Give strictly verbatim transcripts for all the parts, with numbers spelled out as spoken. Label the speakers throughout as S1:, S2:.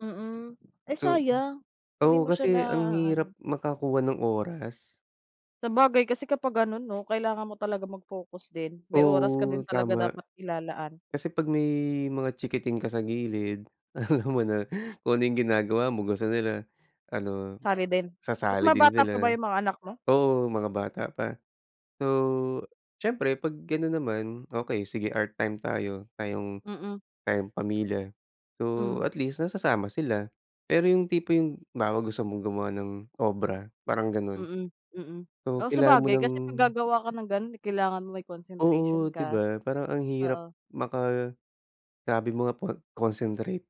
S1: Mhm, eh,
S2: To hmm.
S1: sayang, hindi
S2: Oo,
S1: mo siya na
S2: kasi, ang hirap
S1: ano.
S2: makakuha ng oras.
S1: Sabagay kasi kapag gano'n 'no, kailangan mo talaga mag-focus din, may oras ka din,
S2: Oo,
S1: talaga
S2: tama,
S1: dapat ilalaan.
S2: kasi 'pag may mga chiikiting ka sa gilid, alam mo na, kung ano yung ginagawa mo, gusto nila ano,
S1: Sali din? Ba't
S2: sasali
S1: mga
S2: din
S1: bata
S2: sila,
S1: pa ba yung mga anak mo?
S2: oo, mga bata pa. So, siyempre 'pag ganun naman okay, sige, art time tayo, tayong,
S1: M m.
S2: tayong pamilya, so,
S1: Hmm.
S2: at least nasasama sila. Pero, yung tipo yung halimbawa gusto mong gumawa ng obra, parang ganun,
S1: Mm, mm,
S2: so,
S1: oo,
S2: kailangan mo
S1: sabagay
S2: ng.
S1: kasi, pag gagawa ka ng ganon, eh, kailangan mo may concentration
S2: Oo, 'di
S1: ka,
S2: ba ,parang ang hirap
S1: oo.
S2: maka sabi mo nga, pag concentrate.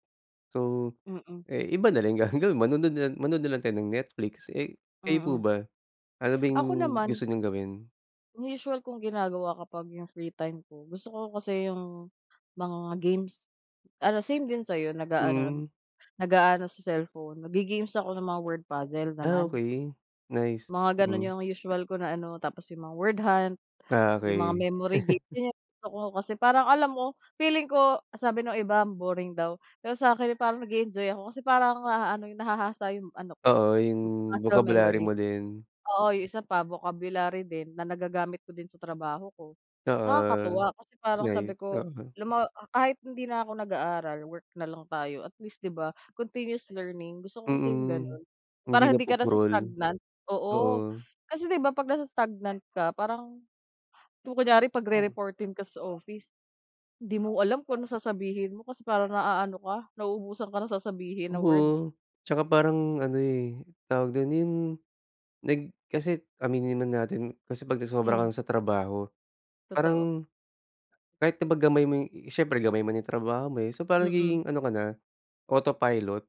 S2: So,
S1: Mm.
S2: eh, iba na lang gagawin, manonood na lang manood na lang tayo ng Netflix, eh, kayo po
S1: Mm.
S2: ba? Ano ba
S1: Ako
S2: yung gusto
S1: naman.
S2: niyong gawin?
S1: Ang usual kong ginagawa kapag yung free time ko, gusto ko kasi, 'yong mga games, ano same din sayo, naga-ano,
S2: Hmm.
S1: nag-aano sa cellphone nag ge-games ako ng mga word puzzle
S2: Ah,
S1: naman.
S2: okay, nice,
S1: Mga gano'n
S2: hmm.
S1: yung usual ko na ano, tapos 'yong mga word hunt,
S2: Ah,
S1: 'yong mga
S2: okay.
S1: memory game 'yan, yung gusto ko kasi, parang alam mo feeling ko, sabi nung iba "boring daw." Pero sa akin, eh, parang nage-enjoy ako, kasi, parang naano yung nahahasa 'yong ano ko
S2: Oo, yung
S1: ma muscle
S2: bokabularyo
S1: memory,
S2: mo din.
S1: oo, 'yun isa pa, vocabulary din na, nagagamit ko din sa trabaho ko.
S2: Oo,
S1: Nakakatuwa kasi, parang
S2: nice,
S1: sabi ko
S2: oo.
S1: "alam mo, ah, kahit hindi na ako nag-aaral work na lang tayo" at least 'di ba, continuous learning, gusto ko kasi, 'yong
S2: Mm,
S1: gano'n.
S2: hindi
S1: Para hindi ka
S2: napupurol,
S1: nasa-stagnant, oo,
S2: oo.
S1: kasi, 'di ba, pag nasa-stagnant ka parang kung kunyari, pagrereportin ka sa office, 'di mo alam kung ano sasabihin mo, kasi, parang naaano ka, nauubusan ka ng sasabihin na words.
S2: Oo, tsaka parang ano, eh, tawag dun 'yun, nag, kasi, aminin man natin kasi, pag
S1: Hmm.
S2: nasobrahan ka sa trabaho,
S1: Totoo.
S2: parang kahit na pag gamay mo, eh, siyempre gamay mo na yung trabaho mo, eh, so, parang
S1: Mm.
S2: nagiging ano ka na, autopilot.